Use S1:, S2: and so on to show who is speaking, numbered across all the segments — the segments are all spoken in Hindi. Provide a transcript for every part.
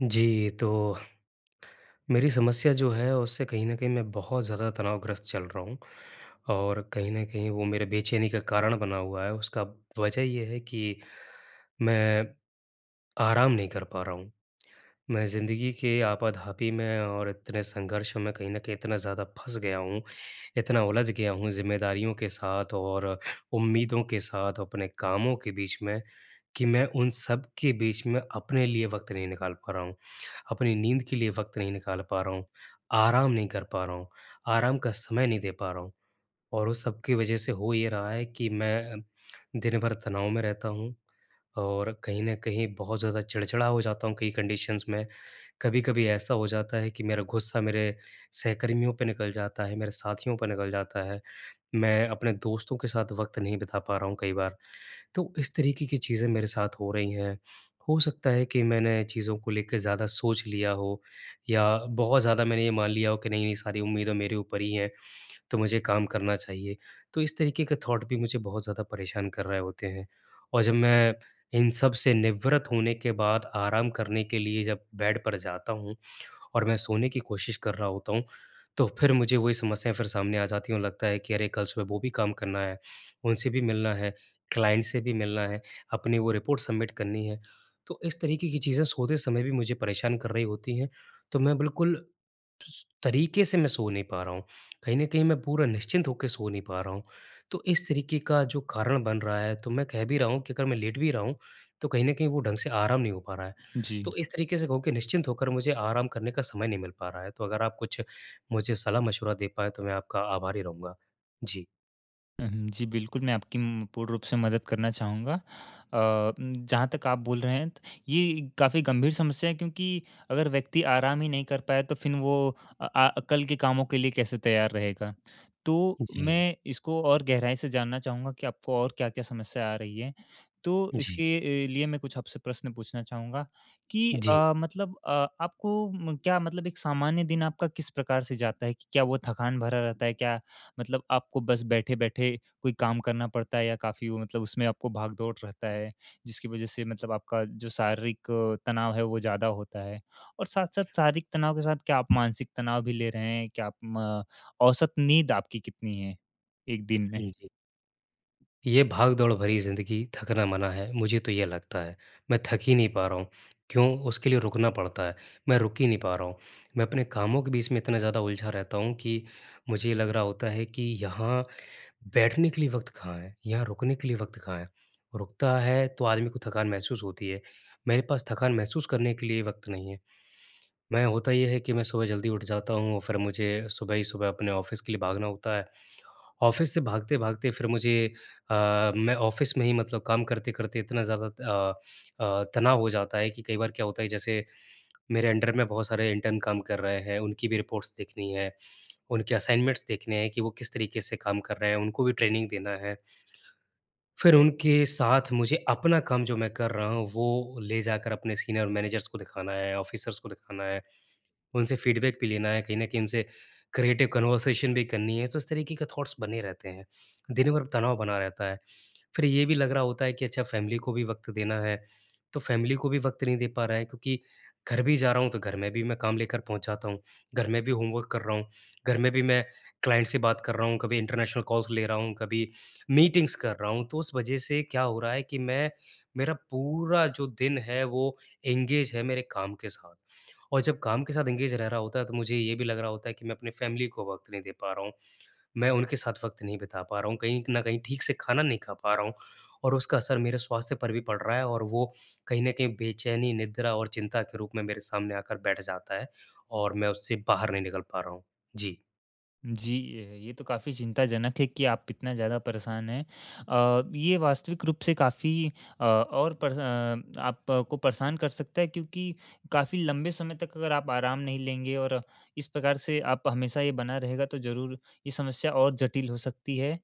S1: जी, तो मेरी समस्या जो है, उससे कहीं न कहीं मैं बहुत ज़्यादा तनावग्रस्त चल रहा हूँ और कहीं न कहीं वो मेरे बेचैनी का कारण बना हुआ है। उसका वजह ये है कि, मैं आराम नहीं कर पा रहा हूँ। मैं ज़िंदगी के आपाधापी में और इतने संघर्षों में कहीं न कहीं इतना ज़्यादा फँस गया हूँ, इतना उलझ गया हूँ ज़िम्मेदारियों के साथ और उम्मीदों के साथ, अपने कामों के बीच में कि मैं उन सब के बीच में अपने लिए वक़्त नहीं निकाल पा रहा हूँ। अपनी नींद के लिए वक़्त नहीं निकाल पा रहा हूँ, आराम नहीं कर पा रहा हूँ, आराम का समय नहीं दे पा रहा हूँ। और उस सब की वजह से हो ये रहा है कि मैं, दिन भर तनाव में रहता हूँ और कहीं न कहीं बहुत ज़्यादा चिड़चिड़ा हो जाता हूँ, कई कंडीशंस में, कभी-कभी ऐसा हो जाता है कि मेरा गुस्सा मेरे सहकर्मियों पे निकल जाता है, मेरे साथियों पर निकल जाता है, मैं अपने दोस्तों के साथ वक़्त नहीं बिता पा रहा हूँ कई बार। तो इस तरीके की चीज़ें मेरे साथ हो रही हैं, हो सकता है कि मैंने चीज़ों को लेके ज़्यादा सोच लिया हो या बहुत ज़्यादा मैंने ये मान लिया हो कि नहीं, नहीं सारी उम्मीदें मेरे ऊपर ही हैं, तो मुझे काम करना चाहिए। तो इस तरीके का थॉट भी मुझे बहुत ज़्यादा परेशान कर रहे होते हैं। और जब मैं इन सब से निवृत होने के बाद आराम करने के लिए जब बेड पर जाता हूँ और मैं सोने की कोशिश कर रहा होता हूँ, तो फिर मुझे वही समस्या फिर सामने आ जाती और लगता है कि अरे कल सुबह वो भी काम करना है, उनसे भी मिलना है, क्लाइंट से भी मिलना है, अपनी वो रिपोर्ट सबमिट करनी है। तो इस तरीके की चीज़ें सोते समय भी मुझे परेशान कर रही होती हैं, तो मैं बिल्कुल सु तरीके से मैं सो नहीं पा रहा हूँ, कहीं न कहीं मैं पूरा निश्चिंत होके सो नहीं पा रहा हूँ। तो इस तरीके का जो कारण बन रहा है, तो मैं कह भी रहा हूँ कि अगर मैं लेट भी रहा हूँ, तो कहीं न कहीं वो ढंग से आराम नहीं हो पा रहा है,
S2: जी।
S1: तो इस तरीके से कहूँ कि निश्चिंत होकर मुझे आराम करने का समय नहीं मिल पा रहा है, तो अगर आप कुछ मुझे सलाह-मशवरा दे पाएँ तो मैं आपका आभारी रहूँगा। जी।
S2: हुँ, हुँ, जी, बिल्कुल मैं आपकी उम, पूर्ण रूप से मदद करना चाहूँगा। अ उम, जहाँ तक आप बोल रहे हैं, ये काफ़ी गंभीर समस्या है क्योंकि अगर व्यक्ति आराम ही नहीं कर पाए तो फिर वो अ अ, कल के कामों के लिए कैसे तैयार रहेगा। तो
S1: जी।
S2: मैं इसको और गहराई से जानना चाहूँगा कि आपको और क्या-क्या समस्या आ रही हैं। तो
S1: जी।
S2: इसके अ, लिए मैं आपसे प्रश्न पूछना चाहूँगा कि
S1: जी।
S2: अ, मतलब अ, आपको म क्या मतलब एक सामान्य दिन आपका किस प्रकार से जाता है कि क्या वो थकान भरा रहता है? क्या मतलब आपको बस बैठे-बैठे कोई काम करना पड़ता है या काफ़ी वो मतलब उसमें आपको भाग-दौड़ रहता है, जिसकी वजह से मतलब आपका जो शारीरिक तनाव है वो ज़्यादा होता है? और साथ-साथ शारीरिक तनाव के साथ क्या आप मानसिक तनाव भी ले रहे हैं? क्या आप म औसत नींद आपकी कितनी है 1 दिन में?
S1: हाँ जी। ये भाग-दौड़ भरी ज़िंदगी थकना मना है, मुझे तो ये लगता है। मैं थक ही नहीं पा रहा हूँ क्यों? उसके लिए रुकना पड़ता है, मैं रुक ही नहीं पा रहा हूँ। मैं अपने कामों के बीच में इतना ज़्यादा उलझा रहता हूँ कि मुझे ये लग रहा होता है कि यहाँ बैठने के लिए वक़्त कहाँ है, यहाँ रुकने के लिए वक़्त कहाँ है? रुकता है तो आदमी को थकान महसूस होती है, मेरे पास थकान महसूस करने के लिए वक़्त नहीं है। मैं होता ये है कि मैं सुबह जल्दी उठ जाता हूँ फिर मुझे सुबह ही सुबह अपने ऑफिस के लिए भागना होता है ऑफिस से भागते-भागते फिर मुझे अ, मैं ऑफिस में ही मतलब काम करते-करते इतना ज़्यादा अ अ, तनाव हो जाता है कि कई बार क्या होता है जैसे मेरे अंडर में बहुत सारे इंटर्न काम कर रहे हैं, उनकी भी रिपोर्ट्स देखनी है, उनके असाइनमेंट्स देखने हैं कि वो किस तरीके से काम कर रहे हैं उनको भी ट्रेनिंग देना है। फिर उनके साथ मुझे अपना काम जो मैं कर रहा हूँ, वो ले जाकर अपने सीनियर मैनेजर्स को दिखाना है, ऑफिसर्स को दिखाना है, उनसे फ़ीडबैक भी लेना है, कहीं न कहीं उनसे क्रिएटिव कन्वर्सेशन भी करनी है। तो इस तरीके के थॉट्स बने रहते हैं, दिन भर तनाव बना रहता है। फिर ये भी लग रहा होता है कि अच्छा फैमिली को भी वक़्त देना है तो फैमिली को भी वक़्त नहीं दे पा रहा हैं क्योंकि घर भी जा रहा हूँ तो घर में भी मैं काम लेकर पहुँच जाता हूँ। घर में भी होमवर्क कर रहा हूँ, घर में भी मैं क्लाइंट से बात कर रहा हूँ कभी इंटरनेशनल कॉल्स ले रहा हूँ, कभी मीटिंग्स कर रहा हूँ तो उस वजह से क्या हो रहा है कि मैं मेरा पूरा जो दिन है वो एंगेज है मेरे काम के साथ। और जब काम के साथ एंगेज रह रहा होता है तो मुझे ये भी लग रहा होता है कि मैं अपनी फैमिली को वक़्त नहीं दे पा रहा हूँ। मैं उनके साथ वक़्त नहीं बिता पा रहा हूँ, कहीं न कहीं ठीक से खाना नहीं खा पा रहा हूँ और उसका असर मेरे स्वास्थ्य पर भी पड़ रहा है और वो कहीं न कहीं बेचैनी, निद्रा और चिंता के रूप में मेरे सामने आकर बैठ जाता है और मैं उससे बाहर नहीं निकल पा रहा हूँ। जी।
S2: जी। अ, ये तो काफ़ी चिंताजनक है कि आप इतना ज़्यादा परेशान हैं। अ, ये वास्तविक रूप से काफ़ी अ, और परेश अ, आपको परेशान कर सकता है क्योंकि काफ़ी लंबे समय तक अगर आप आराम नहीं लेंगे और इस प्रकार से आप हमेशा ये बना रहेगा तो ज़रूर ये समस्या और जटिल हो सकती है।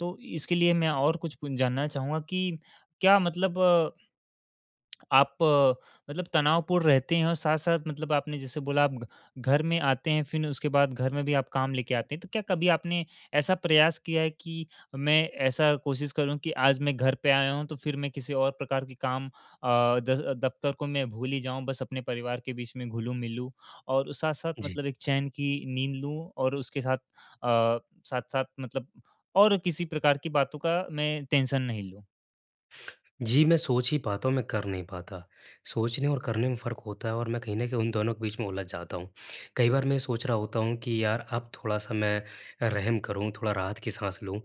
S2: तो इसके लिए मैं और कुछ कुन जानना चाहूँगा कि क्या मतलब आप अ, मतलब तनावपूर्ण रहते हैं? और साथ-साथ मतलब आपने जैसे बोला आप घ घर में आते हैं फिर उसके बाद घर में भी आप काम लेके आते हैं, तो क्या कभी आपने ऐसा प्रयास किया है कि मैं ऐसा कोशिश करूँ कि आज मैं घर पे आया हूँ तो फिर मैं किसी और प्रकार के काम अ, द दफ्तर को मैं भूल ही जाऊँ बस अपने परिवार के बीच में घुलूँ-मिलूँ, और साथ-साथ
S1: जी।
S2: मतलब एक चैन की नींद लूँ और उसके साथ अ, साथ-साथ मतलब और किसी प्रकार की बातों का मैं टेंशन नहीं लूँ?
S1: जी, मैं सोच ही पाता हूँ, मैं कर नहीं पाता। सोचने और करने में फ़र्क होता है और मैं कहीं न कहीं उन दोनों के बीच में उलझ जाता हूँ। कई बार मैं ये सोच रहा होता हूँ कि यार अब थोड़ा-सा मैं रहम करूँ, थोड़ा राहत की साँस लूँ।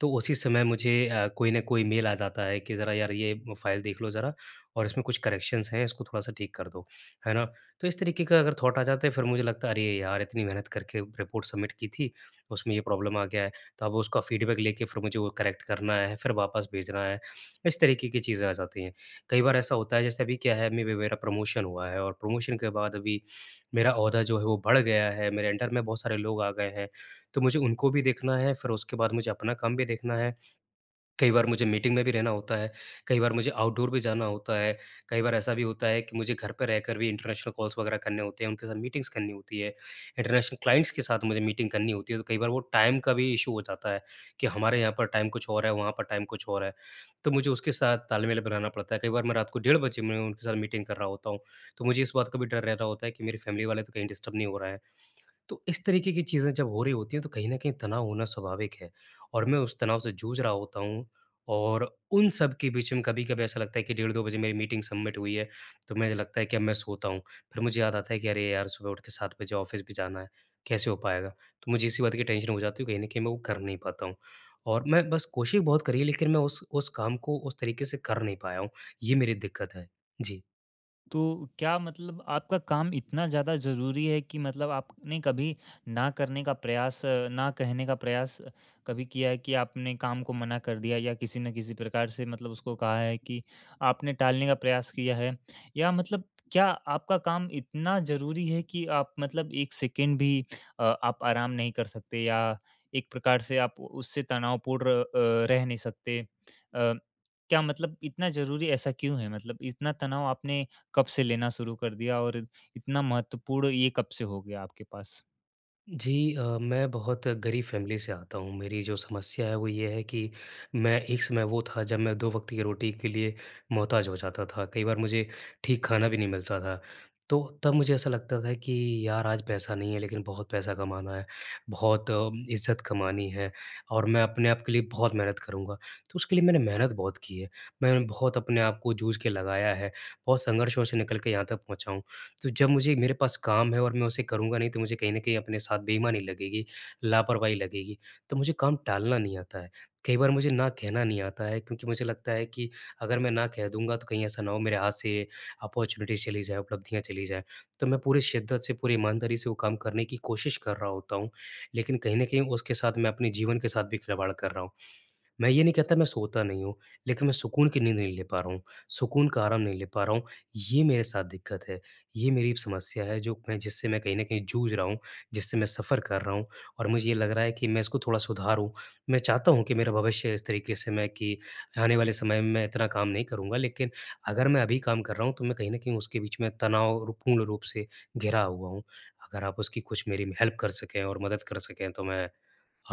S1: तो उसी समय मुझे अ, कोई न कोई मेल आ जाता है कि ज़रा यार ये फाइल देख लो ज़रा और इसमें कुछ करेक्शंस हैं इसको थोड़ा-सा ठीक कर दो, है ना? तो इस तरीके का अगर थाॅट आ जाता है फिर मुझे लगता है अरे यार! इतनी मेहनत करके रिपोर्ट सबमिट की थी, उसमें ये प्रॉब्लम आ गया है। तो अब उसका फ़ीडबैक लेके फिर मुझे वो करेक्ट करना है, फिर वापस भेजना है। इस तरीके की चीज़ें आ जाती हैं। कई बार ऐसा होता है जैसे अभी क्या है? अभी-अभी मेरा प्रमोशन हुआ है और प्रमोशन के बाद अभी मेरा ओहदा जो है वो बढ़ गया है। मेरे अंडर में बहुत सारे लोग आ गए हैं। तो मुझे उनको भी देखना है, फिर उसके बाद मुझे अपना काम भी देखना है। कई बार मुझे मीटिंग में भी रहना होता है कई बार मुझे आउटडोर भी जाना होता है कई बार ऐसा भी होता है कि मुझे घर पर रहकर भी इंटरनेशनल कॉल्स वग़ैरह करने होते हैं उनके साथ मीटिंग्स करनी होती हैं। इंटरनेशनल क्लाइंट्स के साथ मुझे मीटिंग करनी होती है तो कई बार वो टाइम का भी इश्यू हो जाता है कि हमारे यहाँ पर टाइम कुछ और है वहाँ पर टाइम कुछ और है। तो मुझे उसके साथ तालमेल बनाना पड़ता है। कई बार मैं रात को डेढ़ बजे में उनके साथ मीटिंग कर रहा होता हूँ। तो मुझे इस बात का भी डर रह रहा होता है कि मेरी फैमिली वाले तो कहीं डिस्टर्ब नहीं हो रहे हैं। तो इस तरीके की चीजें जब हो रही होती हैं तो कहीं न कहीं तनाव होना स्वाभाविक है। और मैं उस तनाव से जूझ रहा होता हूँ और उन सब के बीच में कभी-कभी ऐसा लगता है कि डेढ़ 2 बजे मेरी मीटिंग सबमिट हुई है तो मुझे लगता है कि अब मैं सोता हूँ फिर मुझे याद आता है कि अरे यार! सुबह उठ के 7 बजे ऑफ़िस भी जाना है, कैसे हो पाएगा? तो मुझे इसी बात की टेंशन हो जाती है तो कहीं न कहीं मैं वो कर नहीं पाता हूँ। और मैं बस कोशिश बहुत करी है लेकिन मैं उस उस काम को उस तरीके से कर नहीं पाया हूँ ये मेरी दिक्कत है। जी।
S2: तो क्या मतलब आपका काम इतना ज़्यादा ज़रूरी है, कि मतलब आपने कभी ना करने का प्रयास ना कहने का प्रयास कभी किया है कि आपने काम को मना कर दिया या किसी न किसी प्रकार से मतलब उसको कहा है कि आपने टालने का प्रयास किया है? या मतलब क्या आपका काम इतना ज़रूरी है कि, आप मतलब एक सेकंड भी अ, आप आराम नहीं कर सकते या एक प्रकार से आप उससे तनावपूर्ण अ, रह नहीं सकते। अ, क्या मतलब इतना ज़रूरी है, ऐसा क्यों है? मतलब इतना तनाव आपने कब से लेना शुरू कर दिया और इतना महत्वपूर्ण ये कब से हो गया, आपके पास?
S1: जी अ, मैं बहुत गरीब फैमिली से आता हूँ। मेरी जो समस्या है वो ये है कि मैं एक समय वो था जब मैं दो वक़्त की रोटी के लिए मोहताज हो जाता था। कई बार मुझे ठीक खाना भी नहीं मिलता था। तो तब मुझे ऐसा लगता था कि यार आज पैसा नहीं है लेकिन बहुत पैसा कमाना है, बहुत इज़्ज़त कमानी है और मैं अपने आप के लिए बहुत मेहनत करूँगा, तो उसके लिए मैंने मेहनत बहुत की है। मैं बहुत अपने आप को जूझ के लगाया है और संघर्षों से निकल के यहाँ तक पहुँचा हूँ। तो जब मुझे मेरे पास काम है और मैं उसे करूँगा नहीं, तो मुझे कहीं न कहीं अपने साथ बेईमानी लगेगी, लापरवाही लगेगी। तो मुझे काम टालना नहीं आता है। कई बार मुझे ना कहना नहीं आता है, क्योंकि मुझे लगता है कि अगर मैं ना कह दूँगा तो कहीं ऐसा ना हो मेरे हाथ से ये अपॉर्च्युनिटी चली जाएँ उपलब्धियाँ चली जाएँ। तो मैं पूरी शिद्दत से, पूरी ईमानदारी से वो काम करने की कोशिश कर रहा होता हूँ, लेकिन कहीं न कहीं उसके साथ मैं अपने जीवन के साथ भी खिलवाड़ कर रहा हूँ। मैं ये नहीं कहता मैं सोता नहीं हूँ, लेकिन मैं सुकून की नींद नहीं ले पा रहा हूँ। सुकून का आराम नहीं ले पा रहा हूँ, ये मेरे साथ दिक्कत है, ये मेरी समस्या है जो मैं जिससे मैं कहीं न कहीं जूझ रहा हूँ जिससे मैं सफ़र कर रहा हूँ और मुझे ये लग रहा है कि मैं इसको थोड़ा सुधारूँ। मैं चाहता हूँ कि मेरा भविष्य इस तरीके से मैं कि आने वाले समय में, मैं इतना काम नहीं करूँगा लेकिन अगर मैं अभी काम कर रहा हूँ तो मैं कहीं न कहीं उसके बीच में तनावपूर्ण रूप से घिरा हुआ हूँ। अगर आप उसकी कुछ मेरी हेल्प कर सकें और मदद कर सकें तो मैं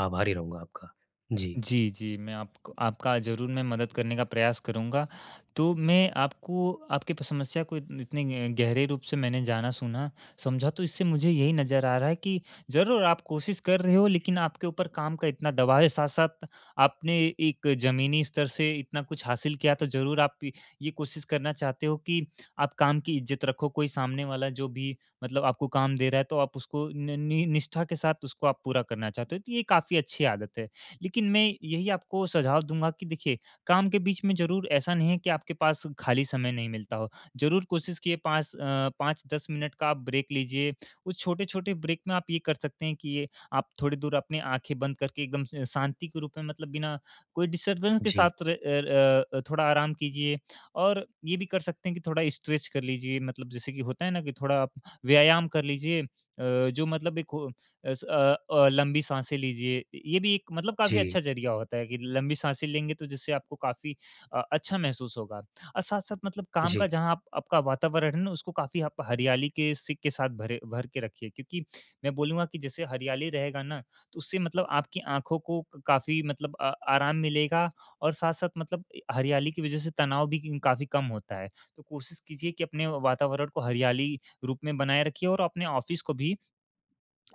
S1: आभारी रहूँगा आपका, जी।
S2: जी, जी मैं आप आपका ज़रूर मैं मदद करने का प्रयास करूँगा। तो मैं आपको आपकी प समस्या को इत इतने ग गहरे रूप से मैंने जाना, सुना, समझा तो इससे मुझे यही नज़र आ रहा है कि ज़रूर आप कोशिश कर रहे हो लेकिन आपके ऊपर काम का इतना दबाव है साथ-साथ आपने एक ज़मीनी स्तर से इतना कुछ हासिल किया, तो ज़रूर आप ये कोशिश करना चाहते हो कि आप काम की इज़्ज़त रखो। कोई सामने वाला जो भी, मतलब आपको काम दे रहा है तो आप उसको न नि निष्ठा के साथ उसको आप पूरा करना चाहते हो। तो ये काम काफ़ी अच्छी आदत है, लेकिन मैं यही आपको सुझाव दूँगा कि देखिए काम के बीच में ज़रूर ऐसा नहीं है कि आपके पास खाली समय नहीं मिलता हो। ज़रूर कोशिश किए 5 अ, 5-10 मिनट का ब्रेक लीजिए, उस छोटे-छोटे ब्रेक में आप ये कर सकते हैं कि ये आप थोड़ी दूर अपनी आँखें बंद करके, एकदम शांति के रूप में मतलब बिना कोई डिस्टर्बेंस के
S1: जी।
S2: साथ र अ अ, थोड़ा आराम कीजिए। और ये भी कर सकते हैं कि थोड़ा स्ट्रेच कर लीजिए, मतलब जैसे कि होता है ना कि थोड़ा व्यायाम कर लीजिए अ, जो मतलब एक वो अ स अ अ, लम्बी साँसे लीजिए। ये भी एक मतलब काफ़ी
S1: जी।
S2: अच्छा जरिया होता है, कि लंबी साँसे लेंगे तो जिससे आपको क काफ़ी अ, अच्छा महसूस होगा। और साथ-साथ मतलब काम
S1: जी।
S2: का जहाँ आपका वातावरण है ना, उसको काफ़ी आप हरियाली के सिक के साथ भरे भर के रखिए। क्योंकि मैं बोलूँगा कि जैसे हरियाली रहेगा ना, तो उससे मतलब आपकी आँखों को काफ़ी मतलब अ आराम मिलेगा और साथ-साथ मतलब हरियाली की वजह से तनाव भी काफ़ी कम होता है। तो कोशिश कीजिए कि अपने वातावरण को हरियाली रूप में बनाए रखिए और अपने ऑफिस को भी,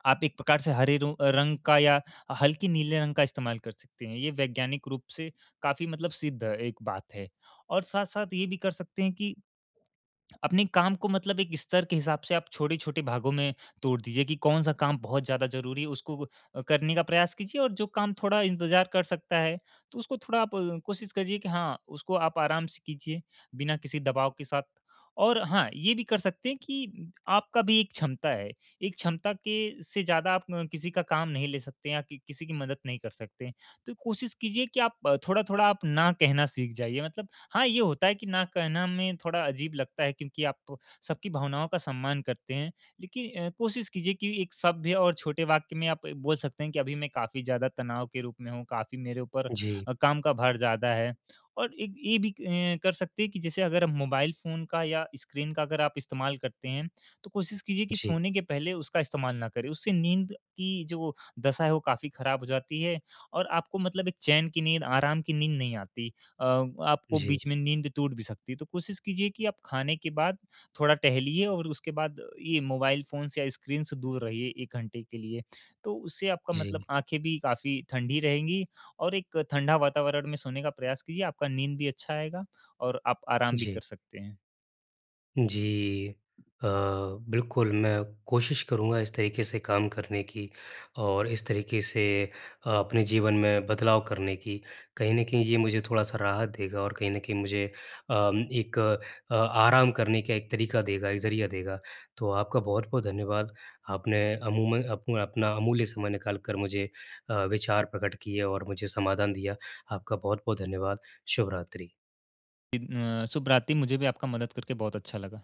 S2: आप एक प्रकार से हरे रो रंग का या हल्के नीले रंग का इस्तेमाल कर सकते हैं। ये वैज्ञानिक रूप से काफ़ी मतलब सिद्ध एक बात है। और साथ-साथ ये भी कर सकते हैं कि अपने काम को मतलब एक स्तर के हिसाब से आप छोटे-छोटे भागों में तोड़ दीजिए, कि कौन-सा काम बहुत ज़्यादा ज़रूरी है उसको करने का प्रयास कीजिए, और जो काम थोड़ा इंतजार कर सकता है, तो उसको थोड़ा आप कोशिश कीजिए कि हाँ, उसको आप आराम से कीजिए बिना किसी दबाव के साथ। और हाँ, ये भी कर सकते हैं कि आपका भी एक क्षमता है, एक क्षमता के से ज़्यादा आप किसी का काम नहीं ले सकते हैं या किसी की मदद नहीं कर सकते। तो कोशिश कीजिए कि आप थोड़ा-थोड़ा आप ना कहना सीख जाइए। मतलब हाँ ये होता है कि, ना कहना में थोड़ा अजीब लगता है क्योंकि आप, सबकी भावनाओं का सम्मान करते हैं, लेकिन कोशिश कीजिए कि एक सभ्य और छोटे वाक्य में आप बोल सकते हैं कि, अभी मैं काफ़ी ज़्यादा तनाव के रूप में हूँ, काफ़ी मेरे ऊपर
S1: जी।
S2: काम का भार ज़्यादा है। और एक ये भी अ, कर सकते हैं कि जैसे अगर मोबाइल फ़ोन का या स्क्रीन का अगर आप इस्तेमाल करते हैं, तो कोशिश कीजिए कि
S1: जी।
S2: सोने के पहले उसका इस्तेमाल ना करें। उससे नींद की जो दशा है, वो काफ़ी खराब हो जाती है और आपको मतलब एक चैन की नींद आराम की नींद नहीं आती। अ, आपको
S1: जी।
S2: बीच में नींद टूट भी सकती है। तो कोशिश कीजिए कि आप खाने के बाद थोड़ा टहलिए और उसके बाद ये मोबाइल फ़ोन्स या स्क्रीन से दूर रहिए एक घंटे के लिए, तो उससे आपका मतलब
S1: जी।
S2: आँखें भी काफ़ी ठंडी रहेंगी और एक ठंडा वातावरण में सोने का प्रयास कीजिए आपका नींद भी अच्छा आएगा, और आप आराम भी कर
S1: जी।
S2: सकते हैं।
S1: जी। अ, बिल्कुल मैं कोशिश करूँगा इस तरीके से काम करने की, और इस तरीके से अपने जीवन में बदलाव करने की। कहीं न कहीं ये मुझे थोड़ा सा राहत देगा और कहीं न कहीं मुझे अ, एक अ, आराम करने का एक तरीका देगा एक ज़रिया देगा। तो आपका बहुत-बहुत धन्यवाद, आपने अमूम अप अपना अमूल्य समय निकाल कर मुझे अ, विचार प्रकट किए और मुझे समाधान दिया, आपका बहुत-बहुत धन्यवाद। शुभ रात्रि।
S2: इन अ, शुभ रात्री, मुझे भी आपका मदद करके बहुत अच्छा लगा।